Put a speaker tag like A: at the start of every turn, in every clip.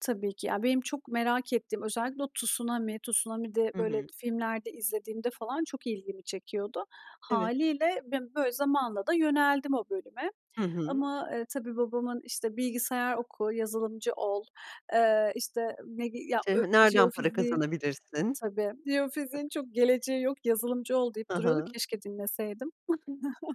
A: Tabii ki. Ya, benim çok merak ettiğim, özellikle o tsunami. Tsunami de
B: Hı
A: böyle
B: hı.
A: filmlerde izlediğimde falan çok ilgimi çekiyordu.
B: Evet.
A: Hâliyle, ben böyle zamanla da yöneldim o bölüme
B: Hı hı.
A: ama, eee, tabii, babamın, işte, "Bilgisayar oku, yazılımcı ol." Eee, işte, medi ya,
B: Şey
A: ö
B: ha Nereden para
A: jeofiziğin
B: kazanabilirsin?
A: Tabii. "Jeofiziğin çok geleceği yok, yazılımcı ol." deyip
B: Ha
A: duruyordu.
B: ha.
A: Keşke dinleseydim.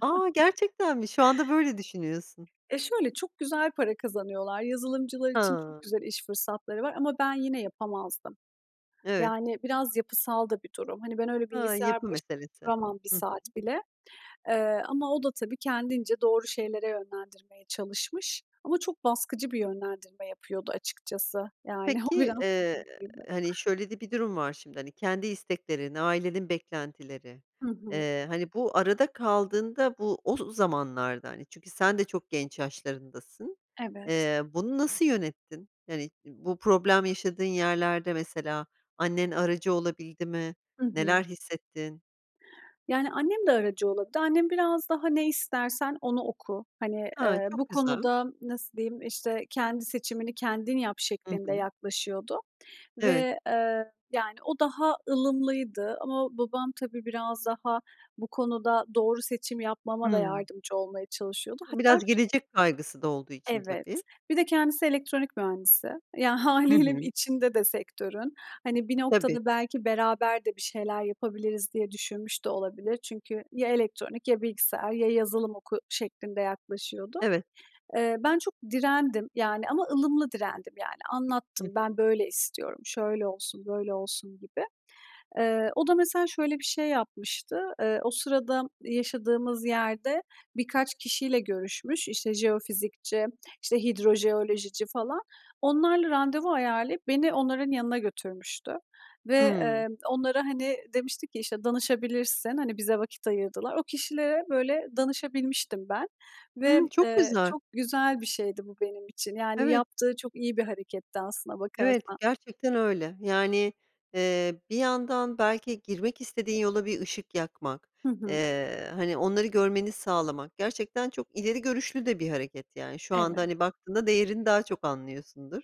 B: A! gerçekten mi? Şu anda böyle düşünüyorsun.
A: E, şöyle, çok güzel para kazanıyorlar. Yazılımcılar için çok
B: Ha!
A: güzel iş fırsatları var ama ben yine yapamazdım.
B: Evet.
A: Yani biraz yapısal da bir durum. Hani, ben öyle
B: Ha,
A: bilgisayar
B: yapı
A: baş
B: meselesi.
A: duramam 1
B: Hı hı.
A: saat bile, eee, ama o da tabii kendince doğru şeylere yönlendirmeye çalışmış ama çok baskıcı bir yönlendirme yapıyordu açıkçası. Yani o
B: Peki,
A: biraz
B: eee,
A: sıkıntıydı.
B: hani, şöyle de bir durum var şimdi, hani, kendi isteklerin, ailenin beklentileri,
A: Hı hı.
B: eee, hani, bu arada kaldığında, bu o z zamanlarda, hani, çünkü sen de çok genç yaşlarındasın.
A: Evet.
B: Eee, bunu nasıl yönettin? Yani, bu problem yaşadığın yerlerde mesela annen aracı olabildi mi,
A: Hı hı.
B: neler hissettin?
A: Yani, annem de aracı olurdu. Annem biraz daha, "Ne istersen onu oku." Hani,
B: Ha,
A: eee,
B: çok
A: bu
B: güzel.
A: konuda nasıl diyeyim, işte, "Kendi seçimini kendin yap."
B: Hı
A: şeklinde
B: hı.
A: yaklaşıyordu
B: Evet.
A: ve, eee, yani o daha ılımlıydı ama babam tabii, biraz daha bu konuda doğru seçim yapmama da
B: Hımm.
A: yardımcı olmaya çalışıyordu.
B: Hı,
A: Hatta
B: biraz
A: ş
B: gelecek kaygısı da olduğu için
A: Evet,
B: tabii.
A: bir de kendisi elektronik mühendisi. Ya,
B: Hı
A: hâliyle
B: hı.
A: içinde de sektörün. Hani, bir
B: Tabii.
A: noktada belki beraber de bir şeyler yapabiliriz diye düşünmüş de olabilir. Çünkü, "Ya elektronik ya bilgisayar ya yazılım oku." şeklinde yaklaşıyordu.
B: Evet.
A: Eee, ben çok direndim yani ama ılımlı direndim, yani.
B: Hı
A: Anlattım,
B: hı.
A: "Ben böyle istiyorum, şöyle olsun, böyle olsun." gibi. Eee, o da mesela şöyle bir şey yapmıştı. Eee, o sırada yaşadığımız yerde birkaç kişiyle görüşmüş, işte, jeofizikçi, işte, hidrojeolojici falan. Onlarla randevu ayarlayıp beni onların yanına götürmüştü ve,
B: Hımm.
A: emm, onlara, hani, demişti ki, "İşte, danışabilirsin, hani, bize vakit ayırdılar." O kişilere böyle danışabilmiştim ben ve,
B: Hımm. Çok
A: eee,
B: güzel.
A: çok güzel bir şeydi bu benim için. Yani,
B: Evet.
A: yaptığı çok iyi bir hareketti aslına
B: Evet,
A: bakarsan.
B: gerçekten öyle. Yani, eee, bir yandan belki girmek istediğin yola bir ışık yakmak,
A: Hı hı.
B: eee, hani, onları görmeni sağlamak gerçekten çok ileri görüşlü de bir hareket, yani. Şu anda,
A: Evet.
B: hani, baktığında değerini daha çok anlıyorsundur.